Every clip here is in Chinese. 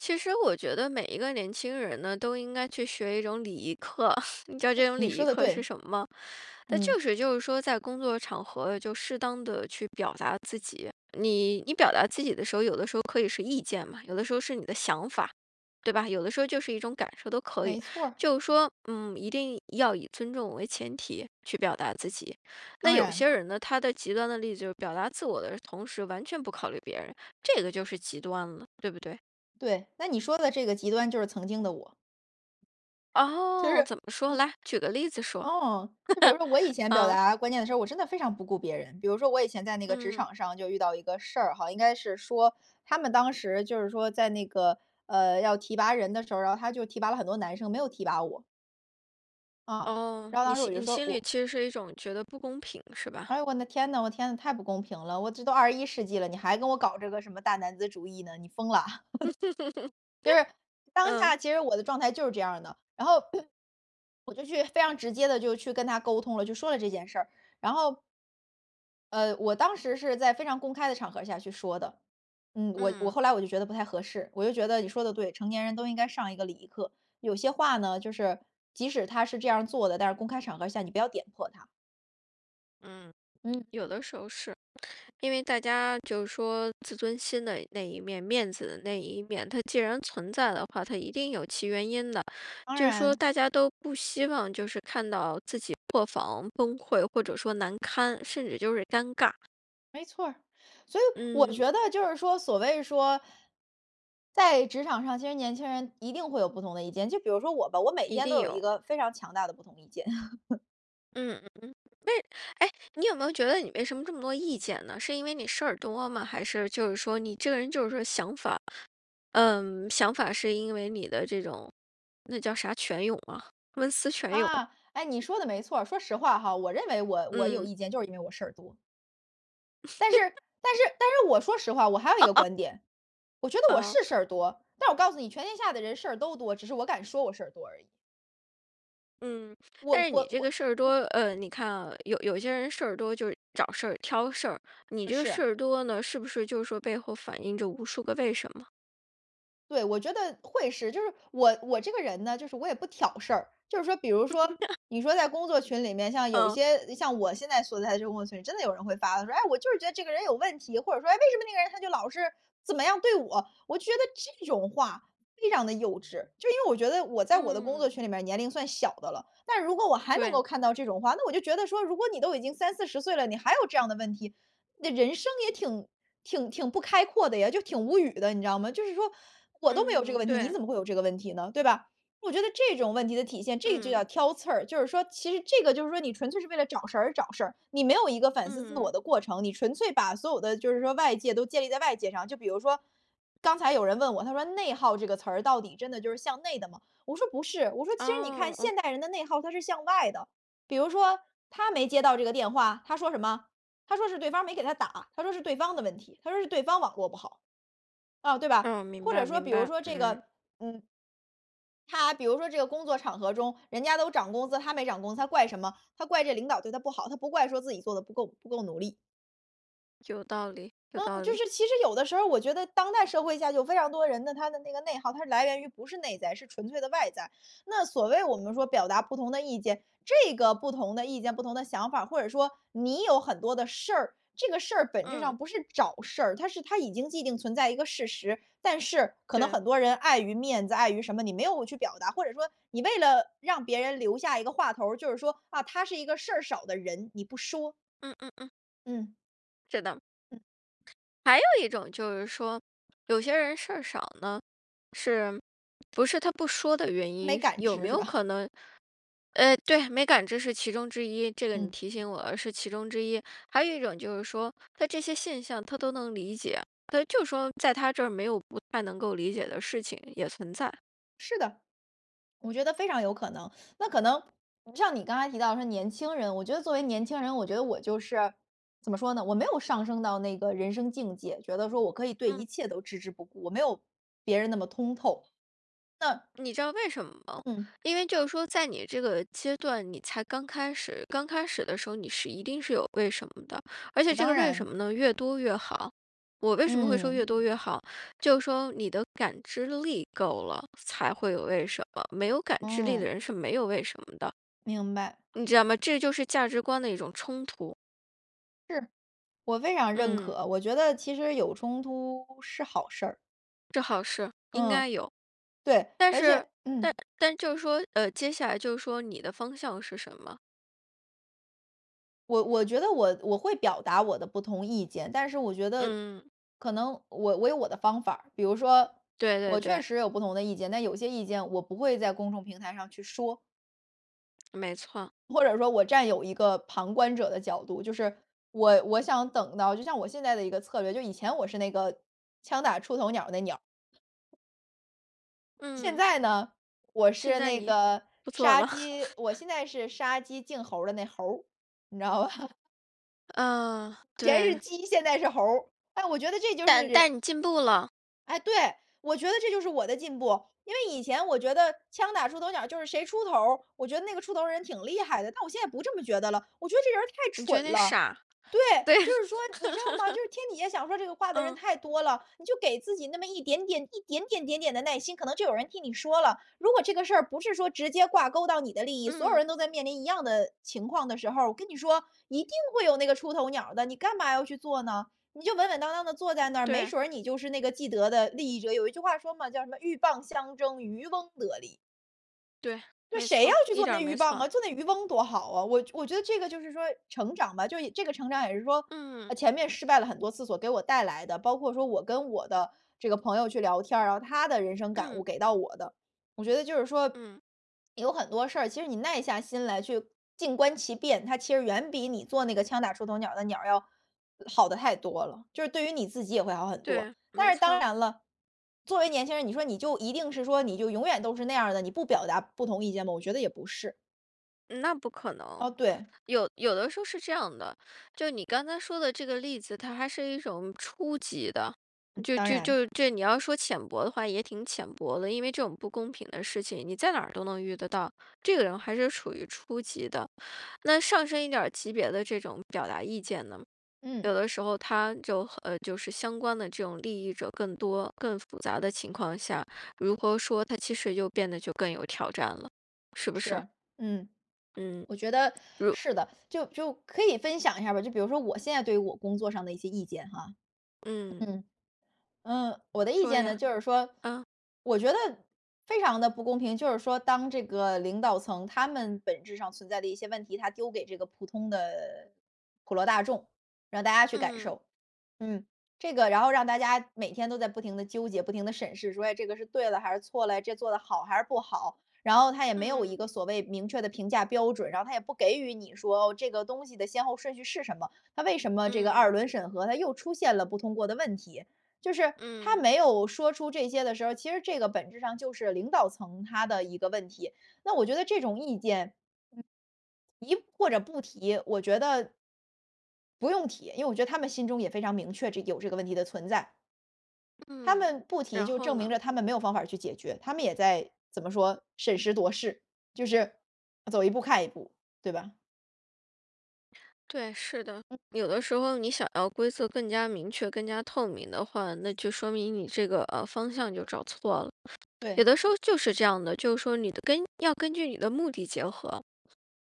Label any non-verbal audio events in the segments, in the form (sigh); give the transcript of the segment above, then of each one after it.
其实我觉得每一个年轻人呢，都应该去学一种礼仪课。(laughs) 你知道这种你礼说仪得课是对。什么吗？它嗯。就是就是说在工作场合，就适当地去表达自己。你你表达自己的时候，有的时候可以是意见嘛，有的时候是你的想法，对吧？有的时候就是一种感受都可以，没错儿。就是说，嗯，一定要以尊重为前提去表达自己。那当有然。些人呢，他的极端的例子，就是表达自我的同时，完全不考虑别人，这个就是极端了，对不对？对，那你说的这个极端，就是曾经的我。就哦，是怎么说？嗯。来，举个例子说。(laughs) 哦。就比如说我以前表嗯。达观念的时候，我真的非常不顾别人。比如说我以前在那个职嗯。场上就遇到一个事儿哈，应该是说，他们当时就是说在那个，呃，要提拔人的时候，然后他就提拔了很多男生，没有提拔我。啊，哦。然后你当时心我就你说，心里我其实是一种觉得不公平是吧？”哎呦，我那天呐，我天呐，太不公平了。我这都21世纪了，你还跟我搞这个什么大男子主义呢，你疯啦？(laughs) “就是，(laughs) 当嗯。下其实我的状态就是这样儿的。然后 (clears throat) 我就去非常直接地就去跟他沟通了，就说了这件事儿。然后呃，我当时是在非常公开的场合下去说的。嗯，我我后嗯。来我就觉得不太合适，我就觉得你说得对，成年人都应该上一个礼仪课。有些话呢，就是，即使他是这样儿做的，但是公开场合下你不要点破他。嗯，嗯。(smacks lips) 有的时候是，因为大家就是说自尊心的那一面、面子的那一面，它既然存在的话，它一定有其原因的。当就说然。大家都不希望就是看到自己破防、崩溃或者说难堪，甚至就是尴尬。没错儿，所以我嗯。觉得就是说所谓说，在职场上其实年轻人一定会有不同的意见，就比如说我吧，我每一天都定有一有。个非常强大的不同意见。(laughs) 嗯。哎，哎，你有没有觉得你为什么这么多意见呢？是因为你事儿多吗？还是就是说你这个人就是说想法嗯，想法是因为你的这种，那叫啥，泉涌啊，文思泉涌。啊，哎，你说的没错儿。说实话哈，我认为我我有嗯。意见，就是因为我事儿多。但是 (laughs) 但是但是我说实话，我还有一个 (laughs) 观点，我觉得我呃。是事儿多，但是我告诉你全天下的人事儿都多，只是我敢说我事儿多而已。嗯，但我是你我这我个事儿多，嗯。呃，你看啊，有有些人事儿多就是找事儿、挑事儿，你这个是。事儿多呢，是不是就是说背后反映着无数个为什么？对，我觉得会是。就是我我这个人呢，就是我也不挑事儿，就是说比如说，(laughs) 你说在工作群里面，像有一嗯。些像我现在所在的这工作群里，真的有人会发了说：“哎，我就是觉得这个人有问题。”或者说：“哎，为什么那个人他就老是怎么样对我。”我就觉得这种话非常地幼稚，就因为我觉得我在我的工作嗯。群里面，年龄算小的了，但是如果我还能对。够看到这种话，那我就觉得说，如果你都已经30-40岁了，你还有这样的问题，那人生也挺挺挺不开阔的呀，就挺无语的，你知道吗？就是说，我都没有这个嗯，问题，你对。怎么会有这个问题呢，对吧？我觉得这种问题的体现，这就嗯。叫挑刺儿，就是说其实这个，就是说你纯粹是为了找事儿而找事儿，你没有一个反思自我嗯。的过程，你纯粹把所有的就是说外界都建立在外界上。就比如说，刚才有人问我，他说：“内耗这个词儿，到底真的就是向内的吗？”我说：”不是。“我说：”其实你看哦，哦。现代人的内耗它是向外的，比如说他没接到这个电话，他说什么？他说是对方没给他打，他说是对方的问题，他说是对方网络不好。“哦，对吧，哦，明或者白，说明比如白，说这嗯。个，嗯他比如说这个工作场合中，人家都涨工资，他没涨工资，他怪什么？他怪这个领导对他不好，他不怪说自己做的不够不够努力。有道理，有嗯，道就理。是其实有的时候儿，我觉得当代社会下有非常多人的，他的那个内耗，他是来源于不是内在，是纯粹的外在。那所谓我们说表达不同的意见，这个不同的意见、不同的想法儿，或者说你有很多的事儿，这个事儿本质嗯。上不是找事儿，它是它已经既定存在一个事实，但是可能对。很多人碍于面子、碍于什么，你没有去表达，或者说你为了让别人留下一个话头儿，就是说，啊，他是一个事儿少的人，你不说。嗯嗯嗯。嗯。是的。嗯。还有一种就是说，有些人事儿少呢，是不是他不说的原没因，是感有没知是有吧？可能呃，对，没感知是其中之一，这个你嗯。提醒我，是其中之一。还有一种就是说，它这些现象他都能理解，他就说在他这儿，没有不太能够理解的事情，也存在。是的，我觉得非常有可能。那可能像你刚才提到说年轻人，我觉得作为年轻人，我觉得我就是怎么说呢，我没有上升到那个人生境界，觉得说我可以对嗯。一切都置之不顾，我没有别人那么通透，那你知道为什么吗？嗯。因为就是说在你这个阶段，你才刚开始，刚开始的时候，你是一定是有为什么的，而且哦，这当个为什然。么呢越多越好。我为什么会说嗯。越多越好，就是说你的感知力够了，才会有为什么，没有感知力的嗯。人是没有为什么的。明白。你知道吗？这就是价值观的一种冲突。是，我非常认嗯。可，我觉得其实有冲突是好事儿。这好事，应嗯，该有。对，而且但是，嗯。但但就是说，呃，接下来就是说你的方向是什么？我我觉得我，我会表达我的不同意见，但是我觉得嗯。可能我我有我的方法儿，比如说对我对确对。实有不同的意见，但有些意见我不会在公众平台上去说。没错。或者说我占有一个旁观者的角度，就是我，我想等到，就像我现在的一个策略，就以前我是那个“枪打出头鸟儿”的那鸟儿。现嗯。在呢，我现是在那你，个不做杀了。鸡我现 (laughs) 在是“杀鸡儆猴儿”的那猴儿，你知道吧？嗯，以前是对。鸡，现在是猴儿。哎，我觉得这就是但人但你进步了。哎，对，我觉得这就是我的进步。因为以前我觉得枪打出头鸟儿，就是谁出头儿，我觉得那个出头儿的人挺厉害的。但我现在不这么觉得了，我觉得这人儿太你觉得蠢你了。傻。对，对就是说，你知道吗？(laughs) 就是天底下想说这个话的人嗯。太多了，你就给自己那么一点点，一点点点点的耐心，可能就有人替你说了。如果这个事儿不是说直接挂钩到你的利益，所有嗯。人都在面临一样的情况的时候儿，我跟你说，一定会有那个出头鸟儿的，你干嘛要去做呢？你就稳稳当当地坐在嗯，那儿，没对。准儿你就是那个既得的利益者，有一句话说嘛，叫什么：”鹬蚌相争，渔翁得利。“对，那没谁要错，去一做点儿那鹬没蚌错。啊，做那渔翁多好啊，我觉我觉得这个就是说成长吧，就一这个成长也是说，嗯。啊，前面失败了很多次所给我带来的，包括说我跟我的这个朋友去聊天儿啊，然后他的人生感嗯。悟给到我的，我觉得就是说，嗯。有很多事儿，其实你耐下心来去静观其变，它其实远比你做那个枪打出头鸟儿的鸟儿，呃要好得太多了，就是对于你自己也会好很多，对，但没是当错。然了，作为年轻人，你说你就一定是说你就永远都是那样儿的，你不表达不同意见吗？我觉得也不是。嗯，那不可能，哦，对。有有的时候是这样的，就你刚刚说的这个例子，它还是一种初级的，嗯，就当就然。就这你要说浅薄的话也挺浅薄的，因为这种不公平的事情，你在哪儿都能遇得到，这个人还是属于初级的，那上升一点儿级别的这种表达意见呢？嗯。有的时候它就，呃，就是相关的这种利益者更多、更复杂的情况下，如何说，它其实就变得更有挑战了，是不是？是，嗯，嗯。我觉得如是的。就就可以分享一下吧，就比如说我现在对于我工作上的一些意见哈。嗯。嗯。嗯，我的意说见呢，呀，就是说，嗯。我觉得非常地不公平，就是说当这个领导层他们本质上存在的一些问题，他丢给这个普通的普罗大众，让大家去感嗯。受，嗯，这个然后让大家每天都在不停地纠结，不停地审视，说，哎，这个是对的还是错了，这做得好还是不好，然后他也没有一嗯。个所谓明确的评价标准，然后他也不给予你说这个东西的先后顺序是什么，他为什么这个嗯。二轮审核它又出现了不通过的问题，就是，他嗯。没有说出这些的时候，其实这个本质上就是领导层他的一个问题，那我觉得这种意见，嗯，提或者不提，我觉得不用提，因为我觉得他们心中也非常明确，这有这个问题的存在。他嗯，们不提然就后证明呢？着他们没有方法儿去解决，他们也在怎么说，审时度势，就是走一步看一步，对吧？对，是的，嗯。有的时候你想要规则更加明确、更加透明的话，那就说明你这个，呃，方向就找错了，有对。的时候就是这样的，就是说你的根要根据你的目的结合，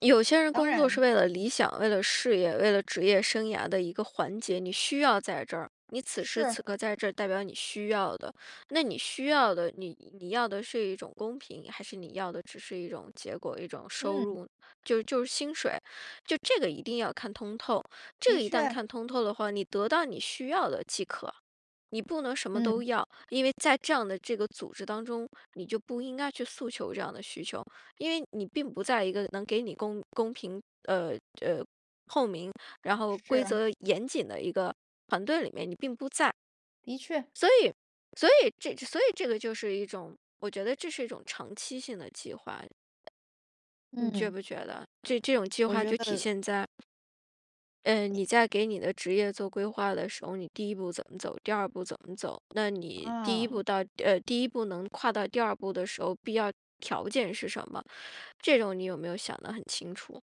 有些人当工作是然。为了理想，为了事业，为了职业生涯的一个环节，你需要在这儿，你此时是。此刻在这代表你需要的。那你需要的，那你要的你你是一种公平，还是你要的只是一种结果、一种收嗯。入，就就是薪水。就这个一定要看通透，这个的一旦确。看通透的话，你得到你需要的即可，你不能什么都嗯。要，因为在这样的这个组织当中，你就不应该去诉求这样的需求，因为你并不在一个能给你公公平，呃，呃，透明，然后规是。则严谨的一个团队里面，你并不在。的确。所以所以这所以这个就是一种我觉得这是一种长期性的计划。你觉嗯。不觉得？这这种计我划觉就体得现在，嗯，你你在给你的职业做规划的时候，你第一步怎么走，第二步怎么走，那你第一啊。步到呃，第一步能跨到第二步的时候，必要条件是什么？这种你有没有想得很清楚？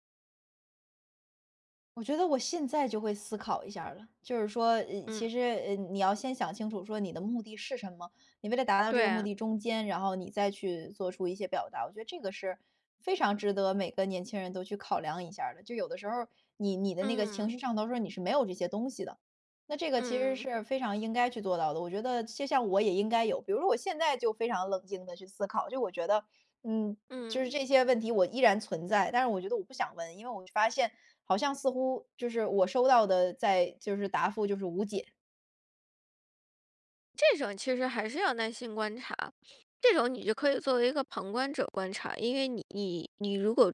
我觉得我现在就会思考一下儿了。就是说，呃，其嗯。实，呃，你要先想清楚说你的目的是什么，你为了达到这个目对。的中间，然后你再去做出一些表达，我觉得这个是非常值得每个年轻人都去考量一下儿的，就有的时候，你你的那个情嗯。绪上头说你是没有这些东西的。那这个其实嗯。是非常应该去做到的，我觉得就像我也应该有。比如说我现在就非常冷静地去思考，就我觉得，嗯，就是嗯。这些问题我依然存在，但是我觉得我不想问，因为我发现好像似乎就是我收到的在就是答复就是无解。这种其实还是要耐心观察，(inhales) 这种你就可以作为一个旁观者观察，因为你你如果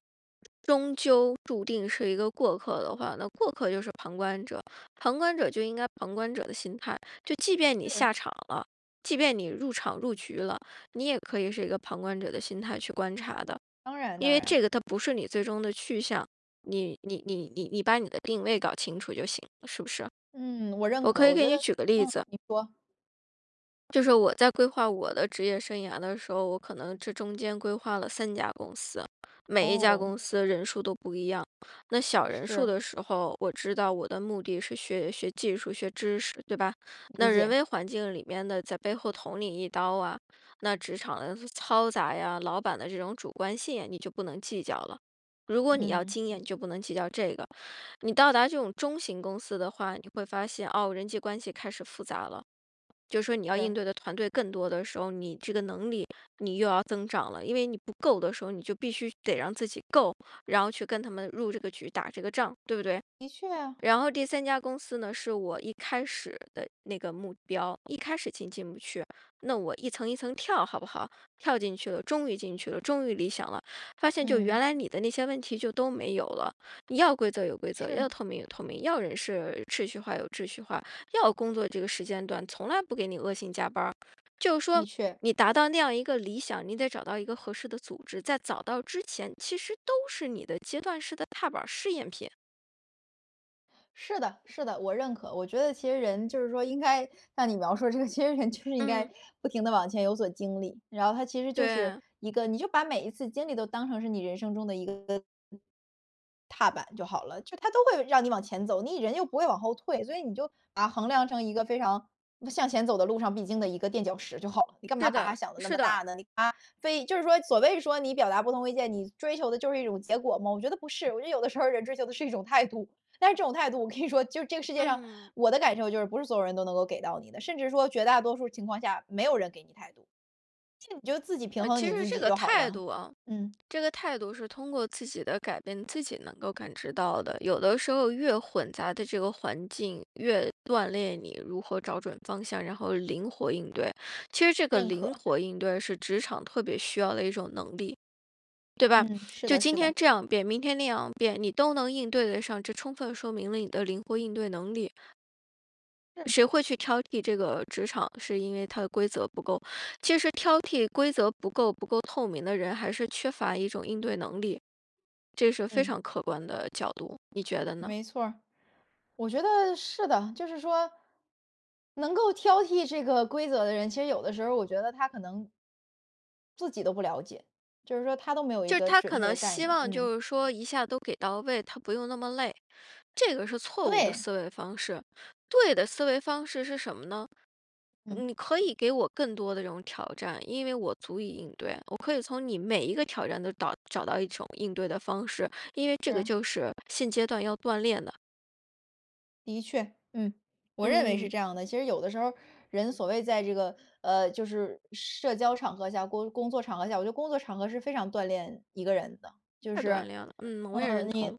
终究注定是一个过客的话，那过客就是旁观者，旁观者就应该旁观者的心态。就即便你是。下场了，即便你入场、入局了，你也可以是一个旁观者的心态去观察的。当然因当为然。这个它不是你最终的去向，你你你-你你把你的定位搞清楚就行，是不是？嗯，我认我可，可以我给觉你得举个例嗯，子。你说。就是我在规划我的职业生涯的时候，我可能这中间规划了3家公司。每一家哦。公司人数都不一样，那小人数是。的时候，我知道我的目的是学学技术、学知识，对吧？那理人解。为环境里面的在背后捅你一刀啊，那职场的嘈杂呀，老板的这种主观性，你就不能计较了。如果你要嗯。经验，你就不能计较这个。你到达这种中型公司的话，你会发现，哦，人际关系开始复杂了。就说你要应是。对的团队更多的时候，你这个能力你又要增长了，因为你不够的时候，你就必须得让自己够，然后去跟他们入这个局，打这个仗，对不对？的确啊。然后第3家公司呢是我一开始的那个目标，一开始进进不去，那我一层一层跳好不好？跳进去了，终于进去了，终于理想了。发现就原嗯。来你的那些问题就都没有了，你要规则有规则，是。要透明有透明，要人事秩序化有秩序化，要工作这个时间段从来不给你恶性加班儿。就是说的确。你达到那样一个理想，你得找到一个合适的组织，在找到之前其实都是你的阶段式的踏板儿试验品。是的是的，我认可。我觉得其实人就是说应该像你描述这个，其实人就是应嗯。该不停地往前有所经历，然后它其实就是对。一个你就把每一次经历都当成是你人生中的一个一个踏板就好了。就它都会让你往前走，你人又不会往后退，所以你就把它衡量成一个非常向前走的路上必经的一个垫脚石就好了。你干嘛是把它的，想得那是么的。大呢？你它非就是说所谓说你表达不同意见，你追求的就是一种结果吗？我觉得不是。我觉得有的时候人追求的是一种态度，但是这种态度我跟你说就是这个世界上，嗯。我的感受就是不是所有人都能够给到你的。甚至说绝大多数情况下，没有人给你态度，其实你就自己平呃，衡其你实自这己个就好态了，度啊，嗯。这个态度是通过自己的改变，自己能够感知到的。有的时候越混杂的这个环境，越锻炼你如何找准方向然后灵活应对。其实这个认灵可。活应对是职场特别需要的一种能力，对吧？嗯，是就的今是的。天这样变，明天那样变，你都能应对得上，这充分说明了你的灵活应对能力。嗯。谁会去挑剔这个职场，是因为它的规则不够，其实挑剔规则不够不够透明的人还是缺乏一种应对能力。这是非嗯。常客观的角度，你觉得呢？没错儿，我觉得是的。就是说，能够挑剔这个规则的人，其实有的时候我觉得他可能自己都不了解，就是说他都没有一就是个他准可确能的概希念，望嗯。就是说一下都给到位，他不用那么累，这个是错误的对。思维方式。对的思维方式是什么呢？嗯。你可以给我更多的这种挑战，因为我足以应对。我可以从你每一个挑战都倒找到一种应对的方式，因为这个是。就是现阶段要锻炼的。的确，嗯，我认为是嗯。这样的。其实有的时候儿，人所谓在这个，呃，就是社交场合下，工工作场合下，我觉得工作场合是非常锻炼一个人的。就太锻是，炼了，嗯，我也呃，认你同。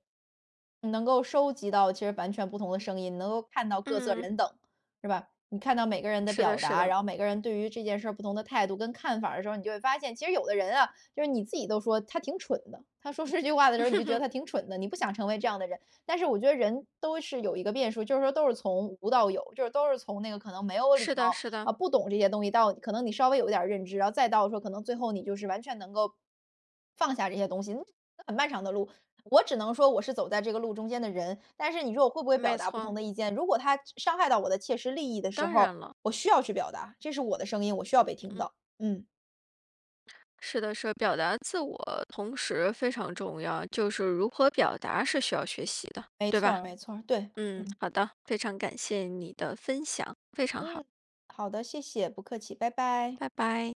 能够收集到其实完全不同的声音，能够看到各色嗯。人等，是吧？你看到每个人的是表的是达，的。然后每个人对于这件事儿不同的态度跟看法儿的时候，你就会发现，其实有的人啊，就是你自己都说他挺蠢的，他说这句话的时候你就觉得 (laughs) 他挺蠢的，你不想成为这样的人。但是我觉得人都是有一个变数，就是说都是从无到有，就是都是从那个可能没有礼是的貌，是的。啊，不懂这些东西到可能你稍微有点儿认知，然后再到说可能最后你就是完全能够放下这些东西，呃，很漫长的路。我只能说我是走在这个路中间的人，但是你说我会不会表没达不同错。的意见？如果他伤伤害到我的切实利益的时当然候，了。我需要去表达，这是我的声音，我需要被听嗯。到，嗯。是的是的。表达自我同时非常重要，就是如何表达是需要学习的，没对错吧？儿没错儿，对，嗯，嗯。好的。非常感谢你的分享，非常好。嗯，好的。谢谢，不客气，拜拜。拜拜。